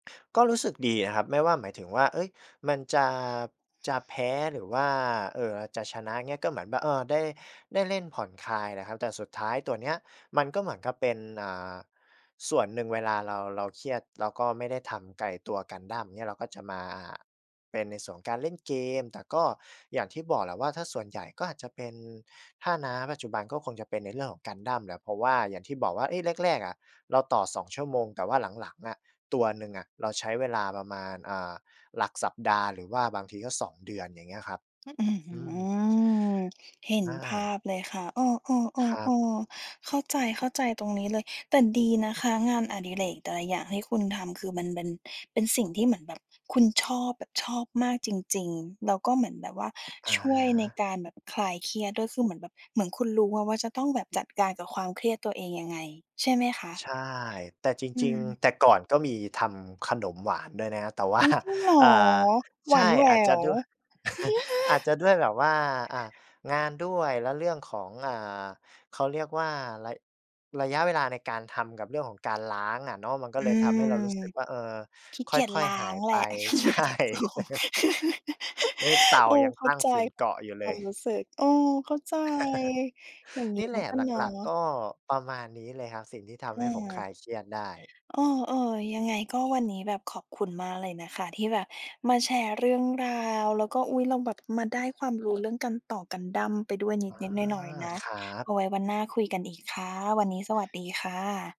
ก็รู้สึกดีอะครับ ไม่ว่า หมายถึงว่า เอ๊ย มันจะ จะแพ้ หรือว่า เอ่อ อาจจะชนะ เงี้ย ก็เหมือนแบบ เออ ได้ ได้เล่นผ่อนคลายแหละครับ แต่สุดท้ายตัวเนี้ย มันก็เหมือนกับเป็น อ่า ส่วนหนึ่งเวลาเรา เราเครียด แล้วก็ไม่ได้ทำกับไอ้ตัวกันดั้ม เงี้ย เราก็จะมาเป็นในส่วนการเล่นเกม แต่ก็อย่างที่บอกแหละว่า ถ้าส่วนใหญ่ก็อาจจะเป็น ถ้า ณ ปัจจุบันก็คงจะเป็นในเรื่องของกันดั้มแหละ เพราะว่าอย่างที่บอกว่า เอ๊ะ แรก ๆ อะ เราต่อ 2 ชั่วโมง แต่ว่าหลัง ๆ อะ ตัวหนึ่งอะ เราใช้เวลาประมาณ อ่า หลักสัปดาห์ หรือว่าบางทีก็ 2 เดือน อย่างเงี้ยครับ อื้อฮอืืม อ เห็นอภาา พเลยค่ะ เออ ครับ ๆ ๆ ๆ เข้าใจ เข้าใจตรงนี้เลย แต่ดีนะคะงานอดิเรกแต่ละอย่างที่คุณทำ คือมันเบ็น เป็นสิ่งที่เหมือนแบบคุณชอบแบบชอบมากจริง ๆ แล้วก็เหมือนแบบว่าอะช่วฮยในะ การแบบคลายเครียดด้วย คือเหมือนแบบ เหมือนคุณรู้อะว่า จะต้องแบบจัดการกับความเครียดตัวเองยังไงใช่ไหมคะ? ใช่ แต่จอืริง ม ๆ แต่ก่อน ก็มีทำขนมหวานด้วยนะครับ แต่ว่า อุ๊ย! จริงเหรอ่อ? า หใวช่ านแหวอาจจะว ด้วย อาจจะด้วยแบบว่า อะ งานด้วย และเรื่องของ อ่า เขาเรียกว่าระ ระยะเวลาในการทำกับเรื่องของการล้างอะเนาะ มันก็อืเลยทม ำให้เรารู้สึกว่า เออ ขี้คเกียจ่อลย ้าๆ หางยแหไลป ะ ใช่ นี่เตาโอ้ โอ้ ยังเข้ตาั้งใจฝุ่นเกาะอยู่เคลวาย มรู้สึก เออ เข้าใจ อย่างงนีี้่แหมลันะ ก็หเนาละ ัก ๆ ก็ประมาณนี้เลยครับ สิ่งที่ทอำให้ผมคา ลายเครียดได้ เออ ๆ ยังไงก็วันนี้แบบขอบคุณมากเลยนะคะ ที่แบบมาแชร์เรื่องราว แล้วก็ อุ๊ย เราแบบ มาได้ความรู้ เรื่องการต่อกันดั้มไปด้วยนอา ิด ๆ หน่อย ๆ นะ ครับ เอาไว้วันหน้าคุยกันอีกค่ะ วันนี้สวัสดีค่ะ